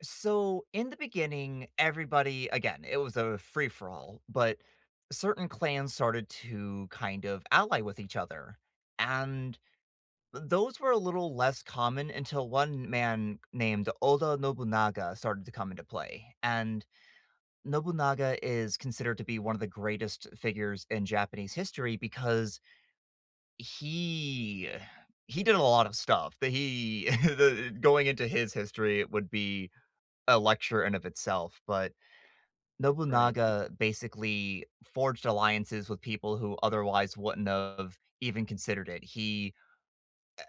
So in the beginning, everybody again, it was a free for all, but certain clans started to kind of ally with each other, and t those were a little less common until 1 man named Oda Nobunaga started to come into play, and Nobunaga is considered to be one of the greatest figures in Japanese history because he he did a lot of stuff. The he the going into his history, it would be a lecture in of itself, but Right. Nobunaga basically forged alliances with people who otherwise wouldn't of even considered it. He,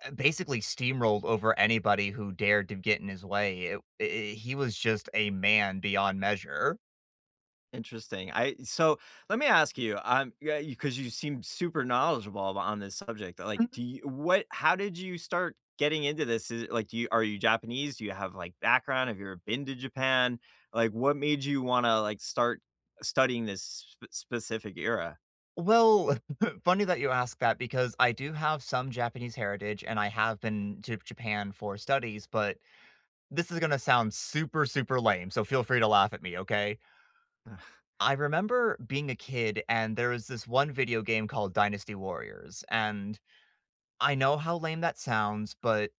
uh, basically steamrolled over anybody who dared to get in his way. It i i he was just a man beyond measure. Interesting. I so, let me ask you, I'm yeah, you 'cause you seem super knowledgeable on this subject. Like, Mhm. do you what how did you start getting into this? Is it, like, do you are you Japanese? Do you have, like, background? Have you ever been to Japan? Like, what made you wanna, like, start studying this s spe specific era? Well, funny that you ask that because I do have some Japanese heritage, and I have been to b y Japan for studies, but this is gonna sound super, super lame, so feel free to laugh at me, okay? Ah. I remember being a kid, and there was this one video game called Dynasty Warriors, and I know how lame that sounds, but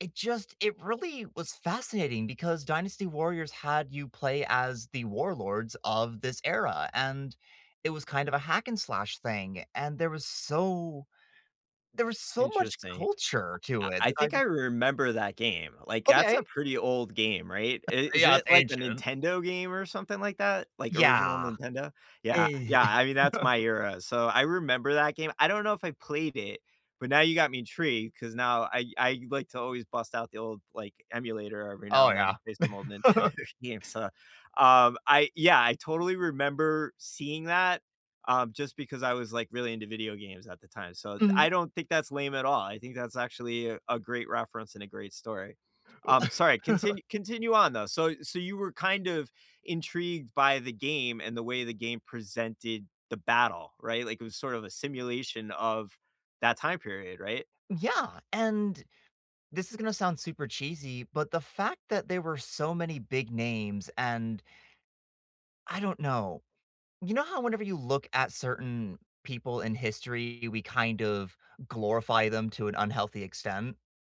it just it really was fascinating because Dynasty Warriors had you play as the warlords of this era, and it was kind of a hack and slash thing, and there was so there was so much Interesting. culture I to it I that I think I just remember that game. Like, that's a Okay. pretty old game, right? It [unintelligible] is Yeah, it, it's like, the ancient. Nintendo game or something like that? Like, original Yeah. Nintendo? Yeah, E yeah, I mean, that's my era. So, I remember that game, I don't know if I played it, but now you got me intrigued 'cause now I I like to always bust out the old, like, emulator every now Oh, and then yeah. based on old Nintendo games. So, um, I yeah, I totally remember seeing that, um, just because I was, like, really into video games at the time. So d Mhm. I don't think that's lame at all, I think that's actually a great reference and a great story. Um, sorry, continu continue on, though. So so you were kind of intrigued by the game and the way the game presented the battle, right? Like, it was sort of a simulation of that time period, right? Yeah, and this is gonna sound super cheesy, but the fact that there were so many big names and I don't know. You know how whenever you look at certain people in history, we kind of glorify them to an unhealthy extent?